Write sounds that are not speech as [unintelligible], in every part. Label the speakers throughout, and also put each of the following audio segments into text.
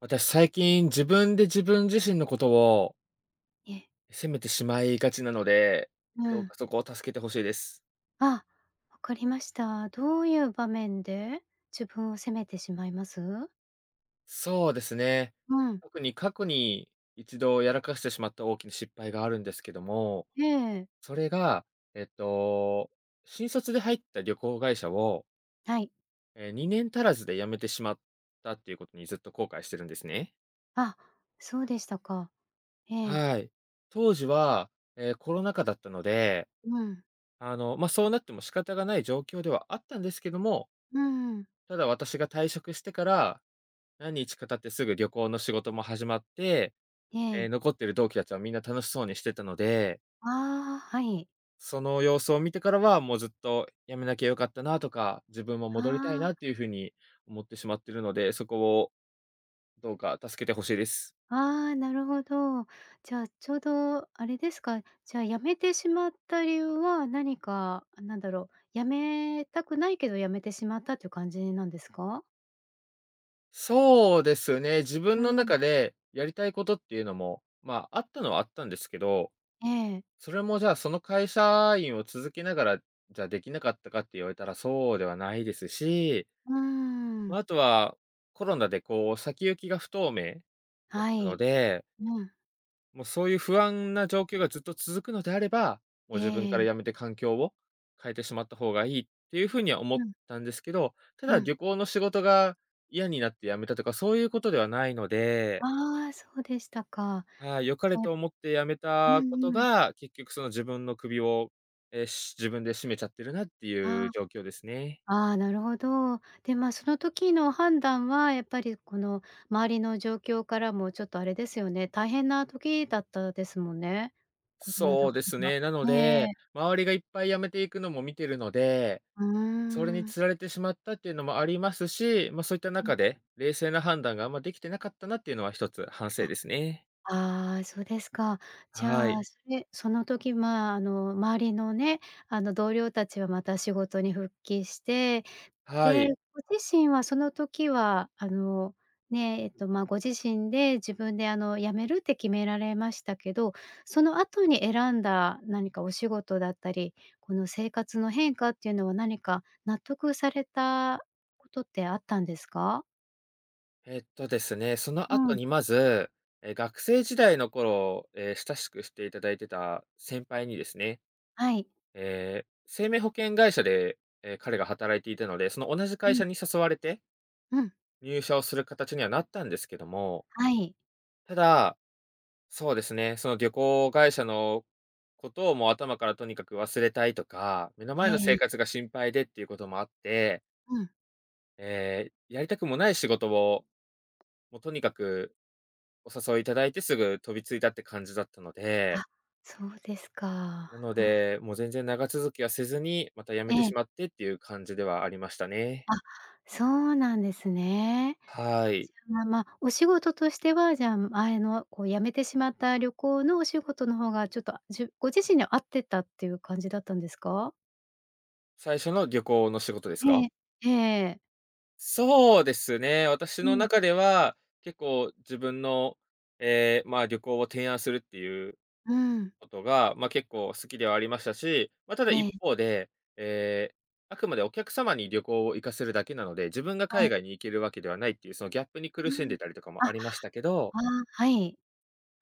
Speaker 1: 私最近、自分で自分自身のことを
Speaker 2: いえ。
Speaker 1: 責めてしまいがちなので、
Speaker 2: う
Speaker 1: どう
Speaker 2: ん。
Speaker 1: かそこを助けて欲しいです。
Speaker 2: あ、分かりました。どういう場面で自分を責めてしまいます？
Speaker 1: そうですね。
Speaker 2: うん。
Speaker 1: 特に過去に1度やらかしてしまった大きい失敗があるんですけども、
Speaker 2: ええ。
Speaker 1: それがえっと、新卒で入った旅行会社を
Speaker 2: はい。
Speaker 1: ええ、2年足らずで辞めてしまったっていうことに、ずっと後悔してるんですね。
Speaker 2: あ、そうでしたか。ええ。
Speaker 1: はい。当時は、ええ、コロナ禍だったので、
Speaker 2: うん。
Speaker 1: あのま、そうなっても仕方がない状況ではあったんですけども
Speaker 2: うん。
Speaker 1: ただ私が退職してから、何日か経ってすぐ旅行の仕事も始まって、
Speaker 2: え
Speaker 1: え
Speaker 2: え。
Speaker 1: え、残っている同期たちはみんな楽しそうにしてたので
Speaker 2: ああ、はい。
Speaker 1: その様子を見てからは、もうずっと「辞めなきゃ良かったな」とか「自分も戻りたい
Speaker 2: ああ。
Speaker 1: な」っていう風に思ってしまっているので、そこをどうか助けて欲しいです。
Speaker 2: ああ、なるほど。じゃあちょうどあれですか？じゃあ辞めてしまった理由は何かあ、なんだろう、辞めたくないけど辞めてしまったっていう感じなんですか？
Speaker 1: そうですね、自分
Speaker 2: う
Speaker 1: の
Speaker 2: ん。
Speaker 1: 中でやりたいことっていうのも、まあ、あったのはあったんですけど、
Speaker 2: ええ。
Speaker 1: それもじゃあ、その会社員を続けながら、じゃあできなかったかって言われたら、そうではないですし
Speaker 2: う
Speaker 1: まあ、
Speaker 2: ん。
Speaker 1: あとは、コロナでこう先行きが不透明だっ
Speaker 2: は
Speaker 1: たの
Speaker 2: い、
Speaker 1: で
Speaker 2: うん。
Speaker 1: もうそういう不安な状況がずっと続くのであれば、もう自分
Speaker 2: え
Speaker 1: から
Speaker 2: え。
Speaker 1: 辞めて環境を変えてしまった方がいいっていう風には思っ
Speaker 2: うん。
Speaker 1: たんですけど、た
Speaker 2: う
Speaker 1: だ
Speaker 2: ん。
Speaker 1: 旅行の仕事が嫌になって辞めたとか、そういうことではないので
Speaker 2: ああそうでしたか。
Speaker 1: ああ、良か
Speaker 2: そ
Speaker 1: れと思って辞め
Speaker 2: うん
Speaker 1: たこと
Speaker 2: うん。
Speaker 1: が、結局その自分の首を、ええし自分で締めちゃってるなってい
Speaker 2: あ、
Speaker 1: う状況ですね。
Speaker 2: ああなるほど。でまあ、その時の判断はやっぱりこの周りの状況からもちょっとあれですよね、大変な時だったですもんね。コロナだ
Speaker 1: そう
Speaker 2: か
Speaker 1: です
Speaker 2: ら。
Speaker 1: ね、なの
Speaker 2: え
Speaker 1: で、
Speaker 2: え。
Speaker 1: 周りがいっぱい辞めていくのも見てるので、
Speaker 2: うー
Speaker 1: それに
Speaker 2: ん。
Speaker 1: 釣られてしまったっていうのもありますし、まあ、そういった
Speaker 2: うん。
Speaker 1: 中で、冷静な判断があんまできてなかったなっていうのは一つ反
Speaker 2: あ、
Speaker 1: 省ですね。
Speaker 2: ああそうですか。じ
Speaker 1: は
Speaker 2: ゃ
Speaker 1: い。
Speaker 2: あ、それその時まあ、あの周りのね、あの同僚たちはまた仕事に復帰して、
Speaker 1: は
Speaker 2: で、
Speaker 1: い。
Speaker 2: ご自身はその時はあの、ね、えっとまあご自身で自分であの辞めるって決められましたけど、その後に選んだ何かお仕事だったり、この生活の変化っていうのは何か納得されたことってあったんですか？
Speaker 1: えっとですね、その
Speaker 2: う
Speaker 1: 後
Speaker 2: ん。
Speaker 1: にまず、ええ、学生時代の頃、え、親しくしていただいてた先輩にですね、
Speaker 2: はい。
Speaker 1: ええ、生命保険会社で、え、彼が働いていたので、その同じ
Speaker 2: う
Speaker 1: 会
Speaker 2: ん。
Speaker 1: 社に誘われて
Speaker 2: うん。
Speaker 1: 入社をする形にはなったんですけども
Speaker 2: はい。
Speaker 1: ただ、そうですね、その旅行会社のことを、もう頭からとにかく忘れたいとか、目の
Speaker 2: え
Speaker 1: 前の
Speaker 2: え、
Speaker 1: 生
Speaker 2: え。
Speaker 1: 活が心配でっていうこともあって
Speaker 2: うん。
Speaker 1: ええ、やりたくもない仕事を、もうとにかく、お誘いいただいて、すぐ飛びついたって感じだったので
Speaker 2: あ、そうですか。
Speaker 1: なの
Speaker 2: ふん。
Speaker 1: で、もう全然長続きはせずに、また辞めて
Speaker 2: え
Speaker 1: し
Speaker 2: え。
Speaker 1: まってっていう感じではありましたね。
Speaker 2: あ、そうなんですね。
Speaker 1: はい。
Speaker 2: じゃあ、まあまあ、お仕事としては、じゃあ、前のこう辞めてしまった、旅行のお仕事の方が、ちょっと、あ、じゅご自身に合ってたっていう感じだったんですか？
Speaker 1: 最初の旅行の仕事です
Speaker 2: え
Speaker 1: か。
Speaker 2: え、ええええ。
Speaker 1: そうですね、私
Speaker 2: う
Speaker 1: の
Speaker 2: ん。
Speaker 1: 中では、結構自分の、ええ、まあ、旅行を提案するっていう
Speaker 2: うん。
Speaker 1: ことが、ま、結構好きではありましたし、まあ、ただ
Speaker 2: え
Speaker 1: 一
Speaker 2: え。
Speaker 1: 方で、ええ、あくまでお客様に旅行を行かせるだけなので、自分が
Speaker 2: は
Speaker 1: 海
Speaker 2: い。
Speaker 1: 外に行けるわけではないっていう、その、ギャップに苦
Speaker 2: う
Speaker 1: しん
Speaker 2: ん。
Speaker 1: でたりとか
Speaker 2: あ、
Speaker 1: もありましたけど
Speaker 2: ああ、はい。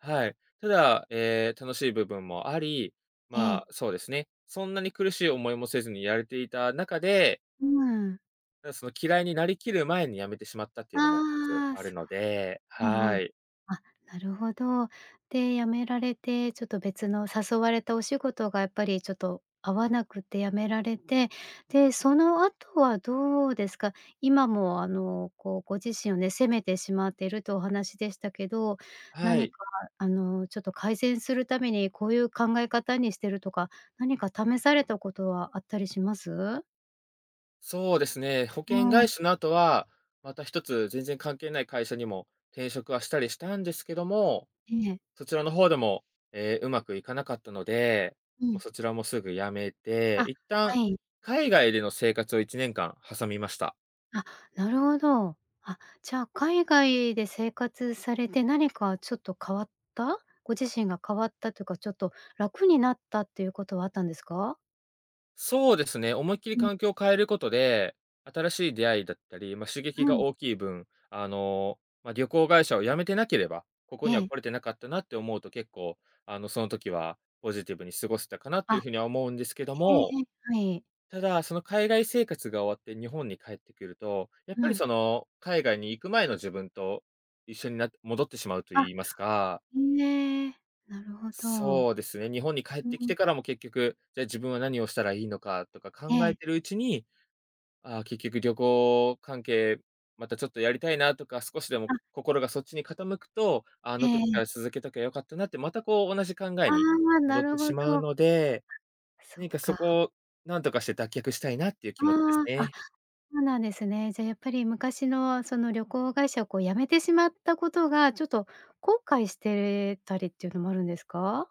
Speaker 1: はい。ただ、ええ、楽しい部分もあり、ま
Speaker 2: え
Speaker 1: あ、
Speaker 2: え。
Speaker 1: そうですね、そんなに苦しい思いもせずにやれていた中で
Speaker 2: うーん。
Speaker 1: た、そ、嫌いになりきる前に辞めてしまったっていうのも一つ
Speaker 2: ああ、
Speaker 1: あ
Speaker 2: そ
Speaker 1: る
Speaker 2: っ
Speaker 1: ので、
Speaker 2: か。うんう
Speaker 1: は
Speaker 2: ん。
Speaker 1: い。
Speaker 2: あ、なるほど。で、辞められて、ちょっと、別の誘われたお仕事がやっぱりちょっと合わなくて、辞められて、で、その後はどうですか？今も、あの、こうご自身をね、責めてしまってるとお話でしたけど、
Speaker 1: は
Speaker 2: 何
Speaker 1: い。
Speaker 2: か、あの、ちょっと改善するために、こうゆう考え方にしてるとか何か試されたことはあったりします？
Speaker 1: そうですね、保
Speaker 2: う
Speaker 1: 険
Speaker 2: ん。
Speaker 1: 会社の後は、また一つ、全然関係ない会社にも転職はしたりしたんですけども、
Speaker 2: ええ。
Speaker 1: そちらの方でも、ええ、上手くいかなかったので、
Speaker 2: う
Speaker 1: も、
Speaker 2: ん。
Speaker 1: そちらもすぐ辞めて、
Speaker 2: あ、
Speaker 1: 一
Speaker 2: は
Speaker 1: 旦、
Speaker 2: い。
Speaker 1: 海外での生活を1年間挟みました。
Speaker 2: あ、なるほど。あ、じゃあ海外で生活されて、何かちょっと変わったご自身が変わったというか、ちょっと楽になったっていうことはあったんですか？
Speaker 1: そうですね、思いっきり
Speaker 2: うん。
Speaker 1: 環境を変えることで、新しい出会いだったり、ま、刺激
Speaker 2: う
Speaker 1: が
Speaker 2: ん。
Speaker 1: 大きい分、あの、ま、旅行会社を辞めてなければ、ここに
Speaker 2: え
Speaker 1: は
Speaker 2: え。
Speaker 1: 来れてなかったなって思うと、結構あの、その時は、ポジティブに過ごせたかなと
Speaker 2: あ、
Speaker 1: いう風には思うんですけど
Speaker 2: へえ、
Speaker 1: も、
Speaker 2: え、はい。
Speaker 1: ただ、その海外生活が終わって日本に帰ってくると、やっぱ
Speaker 2: う
Speaker 1: り、
Speaker 2: ん。
Speaker 1: その、海外に行く前の自分と、一緒になって戻ってしまうと
Speaker 2: あ。
Speaker 1: 言いますか
Speaker 2: ん、ええ、なるほど。
Speaker 1: そうですね、日本に帰っ
Speaker 2: う
Speaker 1: てきて
Speaker 2: ん。
Speaker 1: からも結局、じゃ、自分は何をしたらいいのか、とか
Speaker 2: え
Speaker 1: 考え
Speaker 2: え。
Speaker 1: てるうちに、ああ、結局旅行関係、またちょっとやりたいなとか、少しでも
Speaker 2: あ。
Speaker 1: こ心がそっちに傾くと、あ
Speaker 2: え
Speaker 1: の時
Speaker 2: え。
Speaker 1: から続けときゃ良かったなって、またこう同じ考え
Speaker 2: あ
Speaker 1: に
Speaker 2: あ、
Speaker 1: 戻
Speaker 2: な
Speaker 1: っ
Speaker 2: る
Speaker 1: て
Speaker 2: ほ
Speaker 1: し
Speaker 2: ど。
Speaker 1: まうので、
Speaker 2: そっ
Speaker 1: 何かそ
Speaker 2: か。
Speaker 1: こをなんとかして脱却したいなっていう気持ちです
Speaker 2: ああ、あ、
Speaker 1: ね。
Speaker 2: うなんですね。じゃ、やっぱり昔の、その旅行会社を、こう、辞めてしまったことが、ちょっと後悔してれたりっていうのもあるんですか？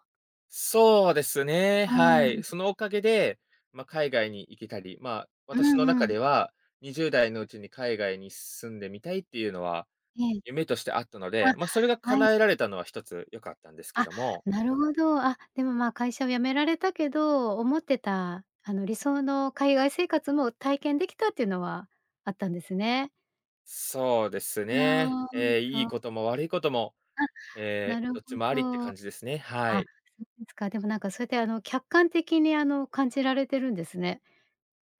Speaker 1: そうですね、
Speaker 2: う
Speaker 1: は
Speaker 2: ー
Speaker 1: い。
Speaker 2: ん。
Speaker 1: そのおかげで、ま、海外に行けたり、まあ、
Speaker 2: う
Speaker 1: 私の
Speaker 2: ん
Speaker 1: 中
Speaker 2: うん。
Speaker 1: では20代のうちに海外に住んでみたいっていうのは、
Speaker 2: ええ。
Speaker 1: 夢としてあったので、ま、それが
Speaker 2: あ、は
Speaker 1: 叶え
Speaker 2: い。
Speaker 1: られたのは一つ良かったんですけ
Speaker 2: あ、
Speaker 1: ども。
Speaker 2: なるほど。あ、でも、まあ、会社を辞められたけど、思ってた、あの、理想の海外生活も体験できたっていうのはあったんですね。
Speaker 1: そうですね。
Speaker 2: ああ、
Speaker 1: え、いい
Speaker 2: そう。
Speaker 1: ことも悪いことも、
Speaker 2: あ、な
Speaker 1: え、
Speaker 2: る
Speaker 1: ど
Speaker 2: ほ
Speaker 1: っちもありって
Speaker 2: ど。
Speaker 1: 感じですね、は
Speaker 2: あ、そ
Speaker 1: い。
Speaker 2: うですか。でもなんかそうやって、あの客観的にあの感じられてるんですね。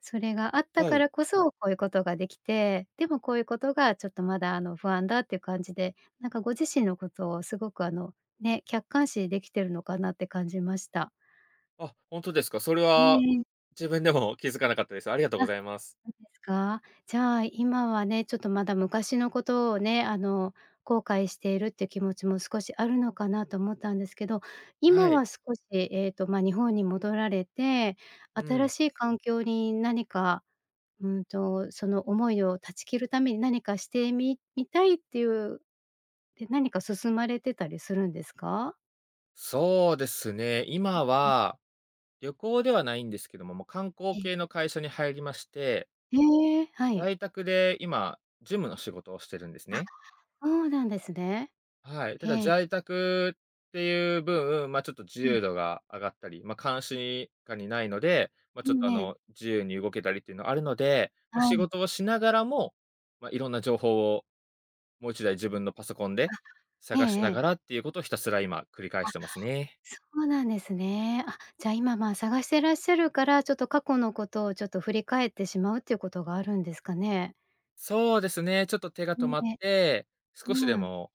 Speaker 2: それがあった
Speaker 1: は
Speaker 2: か
Speaker 1: い。
Speaker 2: らこそ、こういうことができて、でもこういうことがちょっとまだあの不安だっていう感じで、なんかご自身のことをすごくあのね、客観視できてるのかなって感じました。
Speaker 1: あ、ほんとですか。それ
Speaker 2: う
Speaker 1: は
Speaker 2: え。
Speaker 1: 自分でも気づかなかったです。ありがとう
Speaker 2: あ、
Speaker 1: ございます。
Speaker 2: おですか。じゃあ今はね、ちょっとまだ昔のことをね、あの後悔しているっていう気持ちも少しあるのかなと思ったんですけど、
Speaker 1: は
Speaker 2: 今
Speaker 1: い。
Speaker 2: は少しえっと、ま、日本に戻られて、
Speaker 1: う
Speaker 2: 新
Speaker 1: ん。
Speaker 2: しい環境に何か、うんと、その思いを断ち切るために何かしてみみたいっていう、で、何か進まれてたりするんですか？
Speaker 1: そうですね、今
Speaker 2: うん。
Speaker 1: は旅行ではないんですけども、も、観光
Speaker 2: ええ。
Speaker 1: 系の会社に入りまして
Speaker 2: へえ、はい。
Speaker 1: 在宅で今、事務の仕事をしてるんです
Speaker 2: あ、
Speaker 1: ね。
Speaker 2: ほうなんですね。
Speaker 1: はい、ただ
Speaker 2: ええ。
Speaker 1: 在宅っていう分、まあちょっと自
Speaker 2: うん。
Speaker 1: 由度が上がったり、ま、監視下にないので、ま、
Speaker 2: う
Speaker 1: ちょっ
Speaker 2: ん
Speaker 1: とあ
Speaker 2: ね。
Speaker 1: の、自由に動けたりってのはあるので、ま、
Speaker 2: は
Speaker 1: 仕
Speaker 2: い。
Speaker 1: 事をしながらも、ま、色んな情報を、もう1台自分のパソコンで
Speaker 2: あ、ええ
Speaker 1: 探し
Speaker 2: え
Speaker 1: なが
Speaker 2: え。
Speaker 1: らっていうことを、ひたすら今繰り返
Speaker 2: あ、
Speaker 1: してますね。
Speaker 2: そうなんですね。あ、じゃ、今まあ探してらっしゃるから、ちょっと過去のことをちょっと振り返ってしまうっていうことがあるんですかね。
Speaker 1: そうですね、ちょっと手が
Speaker 2: う
Speaker 1: 止まっ
Speaker 2: ん、え、
Speaker 1: て、少
Speaker 2: う
Speaker 1: しで
Speaker 2: わ。
Speaker 1: も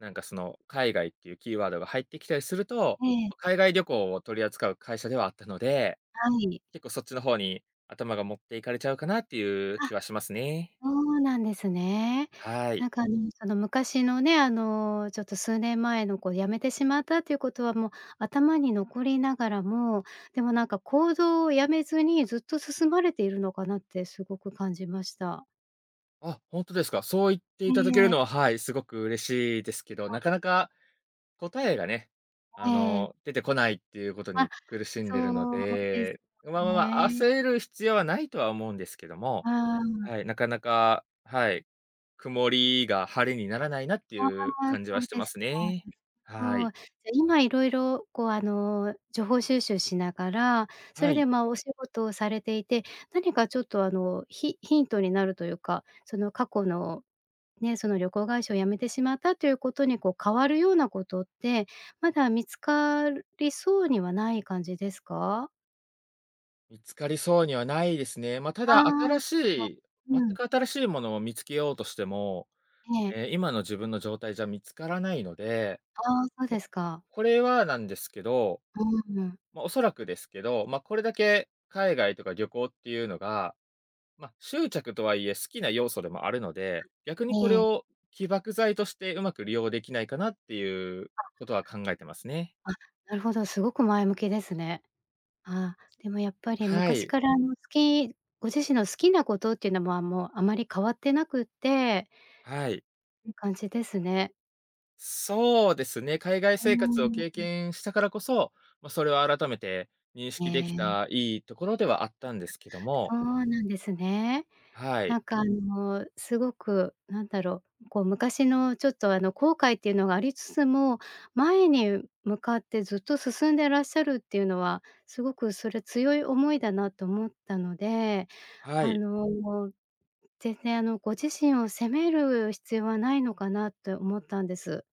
Speaker 1: なんかその海外っていうキーワードが入ってきたりすると、
Speaker 2: ええ。
Speaker 1: お、海外旅行を取り扱う会社ではあったので、
Speaker 2: はい。
Speaker 1: 結構そっちの方に頭が持っていかれちゃうかなっていう
Speaker 2: あ、
Speaker 1: 気はしますね。
Speaker 2: そうなんですね。
Speaker 1: はい。
Speaker 2: なんか [unintelligible] あの昔のね、あのちょっと数年前のこう辞めてしまったっていうことは、もう頭に残りながらも、でもなんか行動をやめずにずっと進まれているのかなってすごく感じました。
Speaker 1: あ、ほんとですか。そう言っていただけ
Speaker 2: え
Speaker 1: る
Speaker 2: え。
Speaker 1: のは、はい、すごく嬉しいですけど、
Speaker 2: あ。
Speaker 1: なかなか答えがね、
Speaker 2: え
Speaker 1: あ
Speaker 2: え。
Speaker 1: の出てこないっていうこと
Speaker 2: あ、
Speaker 1: に苦しんでるの
Speaker 2: そうです
Speaker 1: で、まあまあまあ
Speaker 2: ね。
Speaker 1: 焦る必要はないとは思うんですけども、
Speaker 2: ああ。
Speaker 1: はい、なかなか、はい、曇りが晴れにならないなって
Speaker 2: あ
Speaker 1: いう
Speaker 2: あ。
Speaker 1: 感じ
Speaker 2: そ
Speaker 1: は
Speaker 2: う
Speaker 1: して
Speaker 2: で
Speaker 1: ま
Speaker 2: す
Speaker 1: す
Speaker 2: か。な
Speaker 1: ね。
Speaker 2: る
Speaker 1: は
Speaker 2: ほ
Speaker 1: い。
Speaker 2: ど。じゃあ今色々こうあの情報収集しながら、そ
Speaker 1: は
Speaker 2: れ
Speaker 1: い。
Speaker 2: でまあお仕事をされていて、何かちょっとあのヒヒントになるというか、その過去のね、その旅行会社を辞めてしまったということにこう変わるようなことって、まだ見つかるそうにはない感じですか？
Speaker 1: 見つかりそうにはないですね。まあた
Speaker 2: あ
Speaker 1: だ新
Speaker 2: あ、
Speaker 1: し
Speaker 2: そ
Speaker 1: い全
Speaker 2: うん。
Speaker 1: く新しいものを見つけようとしても、
Speaker 2: ええ。
Speaker 1: ええ今の自分の状態じゃ見つからないので、
Speaker 2: ああ、そうで
Speaker 1: ま、
Speaker 2: すか。
Speaker 1: これはなんですけど、
Speaker 2: うん。
Speaker 1: ま、おそらくですけど、まあ、これだけ海外とか旅行っていうのが、ま、執着とはいえ好きな要素でもあるので、逆
Speaker 2: あ、
Speaker 1: にこれ
Speaker 2: ええ。
Speaker 1: を起爆剤としてうまく利用できないかなっていう
Speaker 2: あ。
Speaker 1: ことは考えてますね。
Speaker 2: あ、なるほど、すごく前向きですね。ああでもやっぱり
Speaker 1: は
Speaker 2: 昔
Speaker 1: い。
Speaker 2: からの好きご自身の好きなことっていうの、あ、もうあまり変わってなくって
Speaker 1: はい。
Speaker 2: いい感じですね。
Speaker 1: そうですね、海外
Speaker 2: う
Speaker 1: 生活を
Speaker 2: ー
Speaker 1: 経
Speaker 2: ん。
Speaker 1: 験したからこそ、ま、それを改めて認
Speaker 2: へ
Speaker 1: 識でき
Speaker 2: え。
Speaker 1: たいいところではあったんですけども。
Speaker 2: そうなんですね。
Speaker 1: はい。
Speaker 2: なんかあのすごく、なんだろう、こう昔のちょっとあの後悔っていうのがありつつも、前に向かってずっと進んでらっしゃるっていうのは、すごくそれ強い思いだなと思ったので、
Speaker 1: は
Speaker 2: あ
Speaker 1: い。
Speaker 2: の全然あの、ご自身を責める必要はないのかなって思ったんです。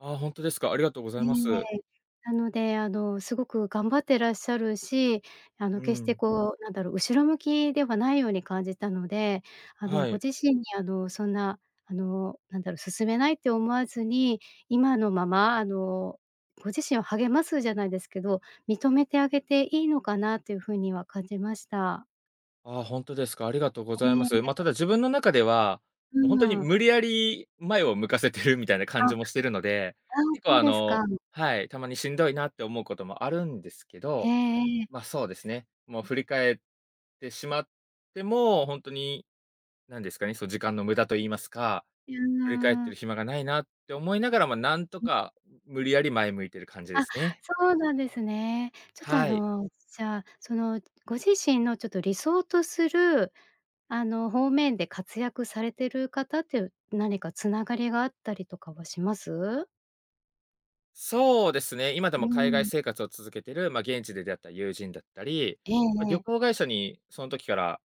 Speaker 1: ああ、ほんとですか。ありがとうござい
Speaker 2: え
Speaker 1: ます。
Speaker 2: え。なのであの、すごく頑張ってらっしゃるし、あの
Speaker 1: う
Speaker 2: 決して
Speaker 1: ん。
Speaker 2: こうなんだろう、後ろ向きではないように感じたので、あの
Speaker 1: は
Speaker 2: ご
Speaker 1: い。
Speaker 2: 自身にあの、そんなあの、なんだろう、進めないって思わずに今のまま、あのご自身を励ますじゃないですけど、認めてあげていいのかなという風には感じました。
Speaker 1: ああ、ほんとですか。ありがとうございま
Speaker 2: え
Speaker 1: す。まあ、た
Speaker 2: え。
Speaker 1: だ自分の中では、
Speaker 2: う
Speaker 1: もうほんとに
Speaker 2: ん。
Speaker 1: 無理やり前を向かせてるみたいな感
Speaker 2: あ、ああ、
Speaker 1: じもしてるので、結構
Speaker 2: そう
Speaker 1: あ
Speaker 2: です
Speaker 1: の
Speaker 2: か。
Speaker 1: はい、たまにしんどいなって思うこともあるんですけ
Speaker 2: え
Speaker 1: ど、
Speaker 2: えええ。
Speaker 1: まあ、そうですね、もう振り返ってしまっても、ほんとになんですかね、そ時間の無駄と言いますか、
Speaker 2: い
Speaker 1: 振り返って
Speaker 2: や。
Speaker 1: る暇がないなって思いながらも、なんと
Speaker 2: うん。
Speaker 1: か無理やり前向いている感じで
Speaker 2: あ、
Speaker 1: すね。
Speaker 2: そうなんですね。ちょっとあ
Speaker 1: はい。
Speaker 2: のじゃあ、そのご自身のちょっと理想とするあの方面で活躍されてる方っていう、何か繋がりがあったりとかはします？
Speaker 1: そうですね、今で
Speaker 2: う
Speaker 1: も海外
Speaker 2: ん。
Speaker 1: 生活を続けてる、ま、現地で出会った友人だったり、
Speaker 2: ええ
Speaker 1: ま、
Speaker 2: え
Speaker 1: 旅
Speaker 2: え。
Speaker 1: 行会社にその時から、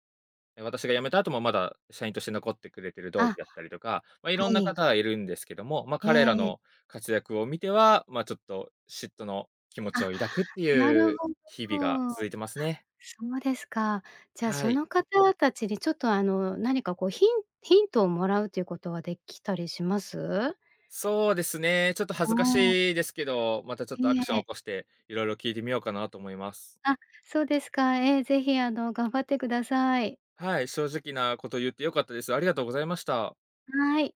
Speaker 1: 私が辞めた後もまだ社員として残ってくれてる同期
Speaker 2: あ、
Speaker 1: だったりとか、ま、
Speaker 2: は
Speaker 1: 色んな
Speaker 2: い。
Speaker 1: 方がいるんですけども、ま、彼ら
Speaker 2: ええ。
Speaker 1: の活躍を見ては、まあ、ちょっと嫉妬の気持ち
Speaker 2: あ、
Speaker 1: を抱くって
Speaker 2: な
Speaker 1: い
Speaker 2: る
Speaker 1: う
Speaker 2: ほど。
Speaker 1: 日々が
Speaker 2: あ、
Speaker 1: 続いてますね。
Speaker 2: そうですか。じゃあ
Speaker 1: は
Speaker 2: そ
Speaker 1: い。
Speaker 2: の方達に、ちょっとあの何かこうヒンヒントを貰うということはできたりします？
Speaker 1: そうですね、ちょっと恥
Speaker 2: あ
Speaker 1: ずか
Speaker 2: あ。
Speaker 1: しいですけど、またちょっと
Speaker 2: い
Speaker 1: ア
Speaker 2: い
Speaker 1: クションを
Speaker 2: え。
Speaker 1: 起こして、色々聞いてみようかなと思います。
Speaker 2: あ、そうですか。ええ、是非あの頑張ってください。
Speaker 1: はい、正直なこと言って良かったです。ありがとうございました。
Speaker 2: はい。